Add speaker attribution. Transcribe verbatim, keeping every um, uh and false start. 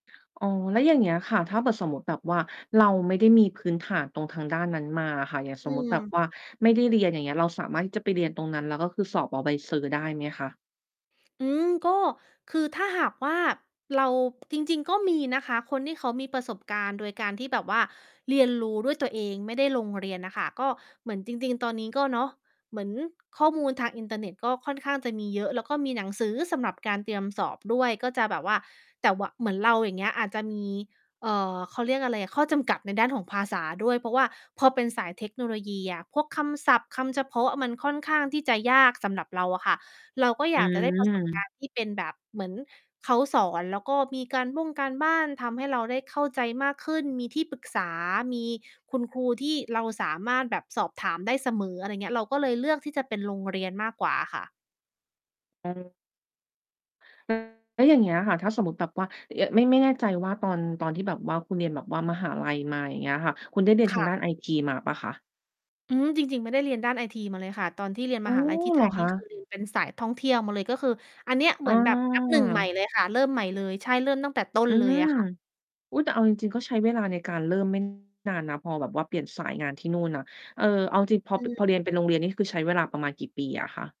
Speaker 1: อ๋อ แล้วอย่างเงี้ย ค่ะ ถ้าเผื่อสมมุติแบบว่าเราไม่ได้มีพื้นฐานตรงทางด้านนั้นมาอะค่ะ อย่าง
Speaker 2: อ
Speaker 1: ส
Speaker 2: ื
Speaker 1: มมุติแบบ
Speaker 2: ม
Speaker 1: ว่าไม่ได้เรียน อย่างเงี้ย เราสามารถที่จะไปเรียนตรงนั้นแล้วก็คือสอบเอา ใบเซอร์ ได้ไหมคะ?
Speaker 2: อืม ก็ คือถ้าหากว่า เรา จริง ๆ ก็มีนะคะ คนที่เขามีประสบการณ์โดยการที่แบบว่าเรียนรู้ด้วยตัวเอง ไม่ได้ลงเรียนน่ะค่ะ ก็เหมือนจริง ๆ ตอนนี้ก็ เนาะ เหมือนข้อมูลทางอินเทอร์เน็ตก็ค่อนข้างจะมีเยอะ แล้วก็มีหนังสือสำหรับการเตรียมสอบด้วย ก็จะแบบว่า แต่ ว เหมือนเรา อย่างเงี้ย อาจจะมี เอ่อ เขาเรียกอะไรอะ ข้อจำกัดในด้านของภาษาด้วย เพราะว่าพอเป็นสายเทคโนโลยีอะ พวกคำศัพท์ คำเฉพาะ มันค่อนข้างที่จะยากสำหรับเราอะค่ะ เราก็
Speaker 1: อ
Speaker 2: อย
Speaker 1: ื
Speaker 2: ากจะได้ ประสบก
Speaker 1: ม
Speaker 2: ารณ์ ที่เป็นแบบเหมือนเขาสอน แล้วก็มีการบ้งการบ้าน ทำให้เราได้เข้าใจมากขึ้น มีที่ปรึกษา มีคุณครูที่เราสามารถแบบสอบถามได้เสมอ อะไรเงี้ย เราก็เลยเลือกที่จะเป็นโรงเรียนมากกว่าค่ะ
Speaker 1: อ้อ อืม แล้วอย่างเงี้ยค่ะ ถ้าสมมุติแบบว่า เย่อะ ไม่ ไม่แน่ใจว่าตอน ตอนที่แบบว่าคุณเรียนแบบว่ามหาลัยมา อย่างเงี้ยค่ะ คุณได้เรียน
Speaker 2: ค
Speaker 1: ทา
Speaker 2: ่
Speaker 1: งด้
Speaker 2: ะ
Speaker 1: านไอจี มาเปล่าคะ?
Speaker 2: อืม จริง ๆ ไม่ได้เรียนด้านไอทีมาเลยค่ะ ตอนที่เรียน
Speaker 1: อ
Speaker 2: ม
Speaker 1: ๋อ
Speaker 2: หาลัย ที่
Speaker 1: เ
Speaker 2: ไท
Speaker 1: หรอ
Speaker 2: ย น
Speaker 1: ค
Speaker 2: ี่
Speaker 1: ะ?
Speaker 2: คือเรียน เป็นสายท่องเที่ยวมาเลย ก็คืออันเนี้ย เ
Speaker 1: อ
Speaker 2: หม
Speaker 1: ้
Speaker 2: ือนแบบ นับ หนึ่ง ใหม่
Speaker 1: อ
Speaker 2: เลยค่ะ เริ่มใหม่เลย ใช่ เริ่มตั้งแต่ต้
Speaker 1: อ
Speaker 2: น
Speaker 1: ื
Speaker 2: เลย
Speaker 1: ม
Speaker 2: อะ ค่ะ
Speaker 1: อุ๊ย แต่เอาจริง ๆ ก็ใช้เวลาในการเริ่ม ไม่ นานนะ พอแบบว่าเปลี่ยนสายงานที่นู่นน่ะ เออ เอาจริง ๆ พอ
Speaker 2: อ
Speaker 1: ป
Speaker 2: ื
Speaker 1: พ
Speaker 2: ม
Speaker 1: อเรียนเป็นโรงเรียนนี่คือใช้เวลาประมาณกี่ปีอะคะ?